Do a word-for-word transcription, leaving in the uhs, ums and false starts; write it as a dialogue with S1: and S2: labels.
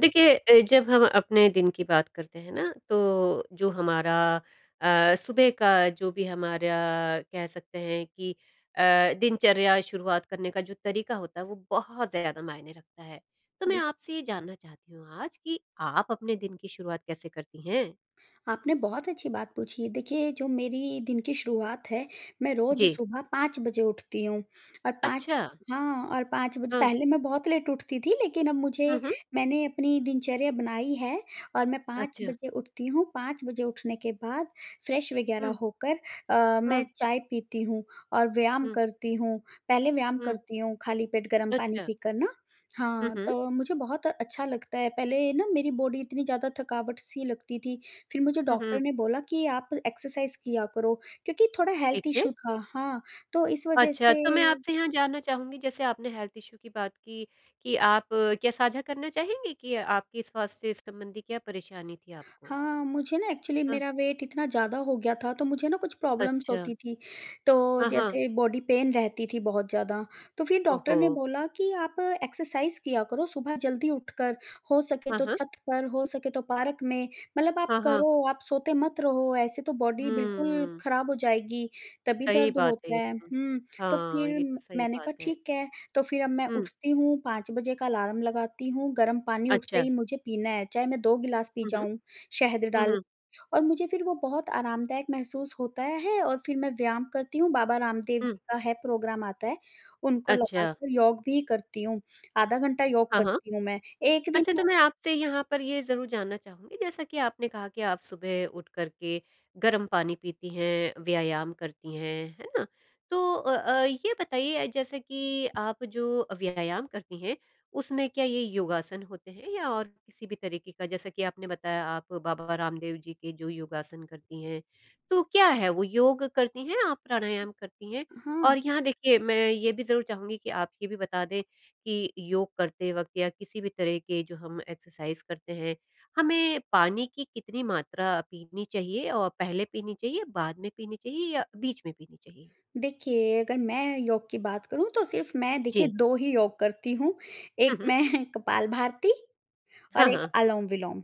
S1: देखिए अ, जब हम अपने दिन की बात करते हैं ना, तो जो हमारा अ, सुबह का जो भी हमारा कह सकते हैं कि अ, दिनचर्या शुरुआत करने का जो तरीका होता है, वो बहुत ज़्यादा मायने रखता है। तो मैं
S2: बि
S1: आपसे ये जानना चाहती हूँ आज कि आप अपने दिन की शुरुआत कैसे करती हैं?
S2: आपने बहुत अच्छी बात पूछी। देखिए, जो मेरी दिन की शुरुआत है, मैं रोज़
S1: जी।
S2: सुबह पाँच बजे उठती हूँ और पाँच
S1: अच्छा।
S2: हाँ, और पाँच बज
S1: हाँ।
S2: पहले मैं बहुत लेट उठती थी, लेकिन अब
S1: हुँ,
S2: मुझे
S1: हुँ।
S2: मैंने अपनी दिनचर्या बनाई है और मैं पाँच
S1: अच्छा।
S2: बजे उठती हूँ। पाँच बजे उठने के बाद फ्रेश वगैरह
S1: हुँ।
S2: होकर अ,
S1: हुँ।
S2: मैं चाय पीती हूँ और व्यायाम
S1: हुँ।
S2: करती हूँ, पहले व्यायाम
S1: हुँ।
S2: करती हूँ खाली पेट गर्म पानी
S1: अच्छा।
S2: पीकर ना।
S1: हुँ,
S2: हाँ,
S1: हुँ।
S2: तो मुझे बहुत अच्छा लगता है। पहले ना मेरी बॉडी इतनी ज़्यादा थकावट-सी लगती थी, फिर मुझे
S1: हुँ,
S2: डॉक्टर
S1: हुँ।
S2: ने बोला कि, "आप एक्सरसाइज़ किया करो।" क्योंकि थोड़ा
S1: ठीक
S2: हेल्थ
S1: है।
S2: इश्यू था, हाँ, तो इस वज़ह
S1: अच्छा, तो मैं
S2: से
S1: आपसे यहाँ जानना चाहूँगी जैसे आपने हेल्थ इशू की बात की, कि आप क्या साझा करना चाहेंगी कि आपके स्वास्थ्य-संबंधी क्या परेशानी थी आपको?
S2: हाँ, मुझे ना एक्चुअली
S1: हाँ।
S2: मेरा वेट इतना ज़्यादा हो गया था, तो मुझे ना कुछ प्रॉब्लम्स
S1: अच्छा।
S2: होती थीं, तो
S1: हाँ, हाँ।
S2: जैसे बॉडी पेन रहती थी बहुत ज़्यादा। तो फिर
S1: ओह
S2: डॉक्टर ने
S1: हो!
S2: बोला कि, "आप एक्सरसाइज़ किया करो सुबह जल्दी उठकर, हो सके
S1: हाँ,
S2: तो
S1: हाँ।
S2: छत पर, हो सके तो पार्क में। मतलब आप
S1: हाँ, हाँ।
S2: करो, आप सोते मत रहो, ऐसे तो बॉडी बिल्कुल
S1: हुँ।
S2: खराब हो जाएगी, तभी
S1: सही
S2: दर्द
S1: बात है
S2: होता
S1: ये
S2: है।"
S1: तो।
S2: हुँ, तो
S1: हाँ,
S2: फिर
S1: ये
S2: म
S1: तो सही
S2: मैंने
S1: बात
S2: कहा,
S1: है।
S2: "ठीक है।" तो फिर अब मैं
S1: हुँ।
S2: उठती हूँ, पाँच बजे का अलार्म लगाती हूँ, गर्म पानी उठते
S1: अच्छा।
S2: ही मुझे पीना है, चाहे मैं दो गिलास पी
S1: हुँ, हुँ।
S2: जाऊँ शहद
S1: हुँ,
S2: डाल
S1: हुँ।
S2: और मुझे फिर वो बहुत आरामदायक महसूस होता है, और फिर मैं व्यायाम करती हूँ, बाबा रामदेव
S1: हुँ।
S2: जी का है प्रोग्राम आता है, उनको
S1: अच्छा।
S2: लगाकर योग भी करती हूँ, आधा घंटा योग
S1: हाँ, हाँ।
S2: करती हूँ मैं। एक दिन
S1: अच्छा,
S2: मैं
S1: तो मैं आपसे यहाँ पर ये ज़रूर जानना चाहूँगी, जैसा कि आपने कहा कि आप सुबह उठ कर के गर्म पानी पीती हैं, व्यायाम करती हैं, है ना। तो अ अ, ये बताइए अ, जैसा कि आप जो अ, व्यायाम करती हैं, उसमें क्या ये योगासन होते हैं या और किसी भी तरीके का? जैसा कि आपने बताया, आप बाबा रामदेव जी के जो योगासन करती हैं, तो क्या है वो, योग करती हैं आप, प्राणायाम करती हैं?
S2: हाँ।
S1: और यहाँ देखिए, मैं ये भी ज़रूर चाहूँगी कि आप ये भी बता दें कि योग करते वक़्त या किसी भी तरह के जो हम एक्सरसाज़ करते हैं, हमें पानी की कितनी मात्रा पीनी चाहिए, और पहले पीनी चाहिए, बाद में पीनी चाहिए या बीच में पीनी चाहिए?
S2: देखिए, अगर मैं योग की बात करूँ, तो सिर्फ़ मैं देखिए
S1: जी।
S2: दो ही योग करती हूँ,
S1: हुँ,
S2: एक
S1: हुँ।
S2: मैं कपालभाति
S1: हाँ,
S2: और एक
S1: हाँ।
S2: अलोम-विलोम।